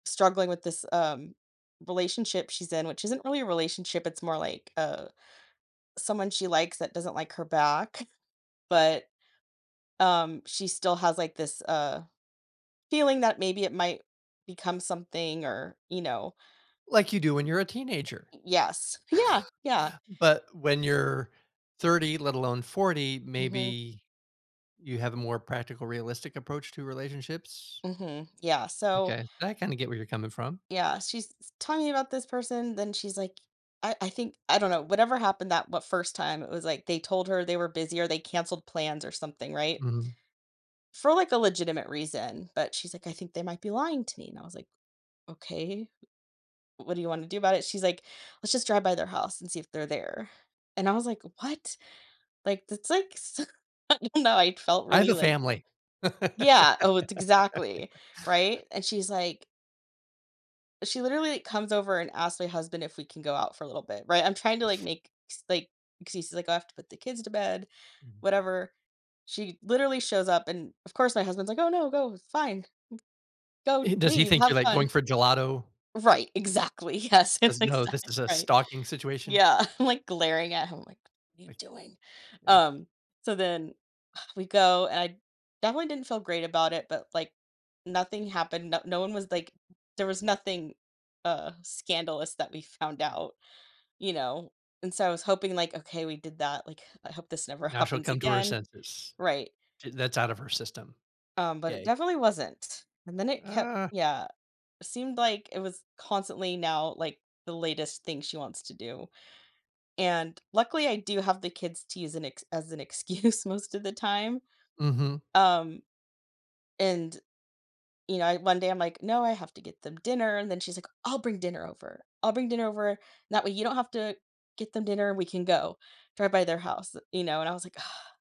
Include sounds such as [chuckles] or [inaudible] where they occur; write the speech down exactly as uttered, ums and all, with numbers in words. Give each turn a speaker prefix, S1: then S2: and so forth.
S1: Struggling with this, um, relationship she's in, which isn't really a relationship, it's more, like, uh, someone she likes that doesn't, like, her back, [chuckles] but, um, she still has, like, this, uh, feeling that maybe it might become something or, you know.
S2: Like, you do when you're a teenager.
S1: Y yes, yeah, yeah.
S2: [chuckles] But when you're thirty, let alone forty,
S1: Mhm.
S2: maybe you have a more practical realistic approach to relationships.
S1: Mhm, yeah, so
S2: M'kay, I kinda get where you're coming from.
S1: Yeah, she's s talking about this person, then she's, like I I think I don't know, whatever happened that what first time, it was, like, they told her they were busy, or they canceled plans or something, right?
S2: Mhm.
S1: For, like, a legitimate reason, but she's, like, "I think they might be lying to me," and I was, like, "Okay, w what do you wanna do about it?" She's, like, "Let's just drive by their house, and see if they're there," and I was, like, "What?" Like, that's like s I don't know, I felt
S2: I have
S1: really,
S2: a
S1: like
S2: family.
S1: Yeah, oh, it's exactly,
S2: [laughs]
S1: right? And she's, like she literally comes over and asks my husband if we can go out for a little bit. Right? I'm trying to, like, make s like excuses, like, "Oh, I have to put the kids to bed,"
S2: Mhm.
S1: whatever, she literally shows up and, of course, my husband's, like, "Oh, no, go, fine g go,
S2: Eh, does he
S1: leave,
S2: think you're,
S1: have
S2: like, going
S1: fun."
S2: for gelato?
S1: Right, exactly, yes, that's
S2: 'Cause, no, this
S1: exactly
S2: is a
S1: right.
S2: stalking situation.
S1: Yeah, I'm, like, glaring at him, like, "What are you
S2: Like
S1: doing?"
S2: yeah.
S1: Um, so, then, we go I definitely didn't feel great about it, but, like, nothing happened, no no one was like, there was nothing, uh, scandalous that we found out. You know? And so I was hoping, like, "Okay, we did that, like, I hope this never
S2: Now she'll
S1: happens
S2: come to her
S1: again."
S2: senses,
S1: Right.
S2: and that's out of her system.
S1: Um, but it
S2: Yay.
S1: definitely wasn't, and then it kept
S2: Uh
S1: yeah, seemed, like, it was constantly now, like, the latest thing she wants to do, and luckily, I do have the kids to use as an ex as an excuse most of the time.
S2: Mhm.
S1: Um, and, you know, I one day I'm like, "No, I have to get them dinner," and then she's, like, "I'll bring dinner over, I'll bring dinner over, that way you don't have to get them dinner, we can go drive by their house," you know, and I was, like [sighs]